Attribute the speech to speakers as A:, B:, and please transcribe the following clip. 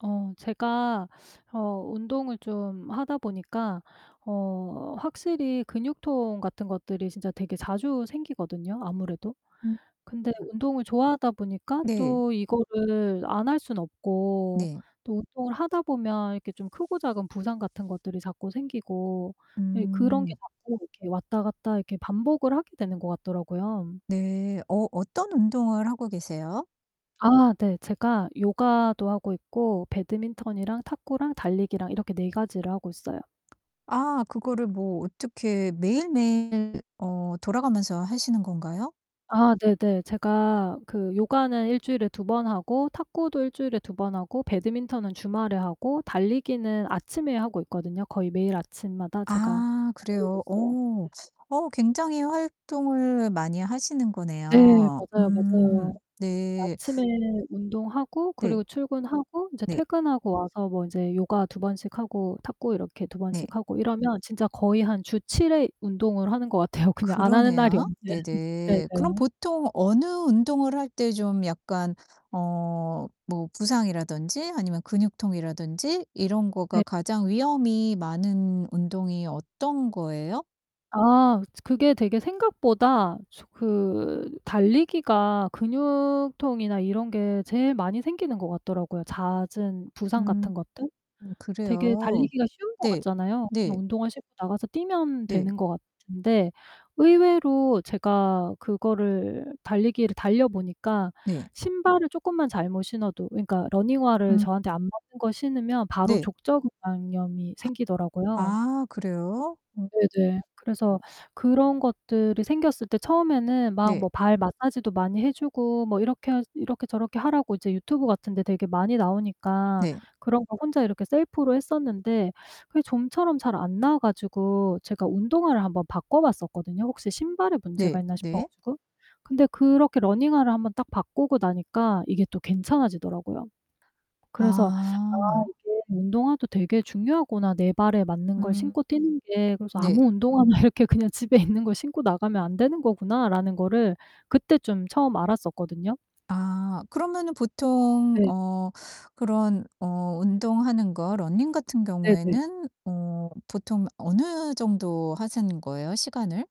A: 어 제가 어 운동을 좀 하다 보니까 어 확실히 근육통 같은 것들이 진짜 되게 자주 생기거든요, 아무래도.
B: 음
A: 근데
B: 음.
A: 운동을 좋아하다 보니까
B: 네.
A: 또 이거를 안 할 수는 없고
B: 네.
A: 또 운동을 하다 보면 이렇게 좀 크고 작은 부상 같은 것들이 자꾸 생기고 예 그런 게
B: 음.
A: 자꾸 이렇게 왔다 갔다 이렇게 반복을 하게 되는 것 같더라고요.
B: 네. 어 어떤 운동을 하고 계세요?
A: 아 네. 제가 요가도 하고 있고 배드민턴이랑 탁구랑 달리기랑 이렇게 4 가지를 하고 있어요.
B: 아 그거를 뭐 어떻게 매일매일 어 돌아가면서 하시는 건가요?
A: 아 네네. 제가 그 요가는 1 주일에 2 번 하고 탁구도 1 주일에 2 번 하고 배드민턴은 주말에 하고 달리기는 아침에 하고 있거든요. 거의 매일 아침마다 제가
B: 아
A: 달리고
B: 그래요?
A: 있어요.
B: 어.
A: 네네.
B: 어 굉장히 활동을 많이 하시는
A: 네.
B: 거네요.
A: 맞아요, 맞아요.
B: 음 네.
A: 아침에 운동하고 그리고
B: 네.
A: 출근하고 인제
B: 네.
A: 퇴근하고 와서 뭐 인제 요가 2 번씩 하고 탁구 이렇게 2
B: 네.
A: 번씩 하고 이러면 진짜 거의 한 주 7 회 운동을 하는 것 같아요. 그냥 안 하는 날이
B: 그러네요.
A: 없는 네네.
B: 네네. 그럼 보통 어느 운동을 할 때 좀 약간 어 뭐 부상이라든지 아니면 근육통이라든지 이런 거가
A: 네.
B: 가장 위험이 많은 운동이 어떤 거예요?
A: 아 츠 그게 되게 생각보다 조 그 달리기가 근육통이나 이런 게 제일 많이 생기는 것 같더라고요. 잦은 부상
B: 음.
A: 같은 것들.
B: 음
A: 되게
B: 그래요?
A: 달리기가 쉬운 것
B: 네.
A: 같잖아요. 그냥
B: 네.
A: 운동화 신고 나가서 뛰면
B: 네.
A: 되는 것 같은데 의외로 제가 그거를 달리기를 달려 보니까
B: 네.
A: 신발을 쪼끔만 잘못 신어도 그니까 러닝화를
B: 음.
A: 저한테 안 맞는 거 신으면 바로
B: 네.
A: 족저근막염이
B: 하
A: 생기더라고요.
B: 아 그래요? 오.
A: 네네. 그래서
B: 어.
A: 그런 것들이 생겼을 때 처음에는 막
B: 네.
A: 뭐 발 마사지도 많이 해 주고 뭐 이렇게 해야지 이렇게 저렇게 하라고 이제 유튜브 같은데 되게 많이 나오니까
B: 네.
A: 그런 거 혼자 이렇게 셀프로 했었는데 그게 좀처럼 잘 안 나아 가지고 제가 운동화를 한번 바꿔 봤었거든요, 혹시 신발에 문제가
B: 네.
A: 있나 싶어
B: 네.
A: 가지고. 근데 그렇게 러닝화를 한번 딱 바꾸고 나니까 이게 또 괜찮아지더라고요. 그래서 '아
B: 아.
A: 이게 운동화도 되게 중요하구나. 내 발에 맞는 걸
B: 음.
A: 신고 뛰는 게.' 그래서
B: 네.
A: 아무' 운동화나 이렇게 그냥 집에 있는 걸 신고 나가면 안 되는 거구나.' 라는 거를 그때 좀 처음 알았었거든요.
B: 아 그러면은 보통
A: 네.
B: 어 그런 어 운동하는 거 러닝 같은
A: 네네.
B: 경우에는 어 보통 어느 정도 하시는 거예요, 시간을?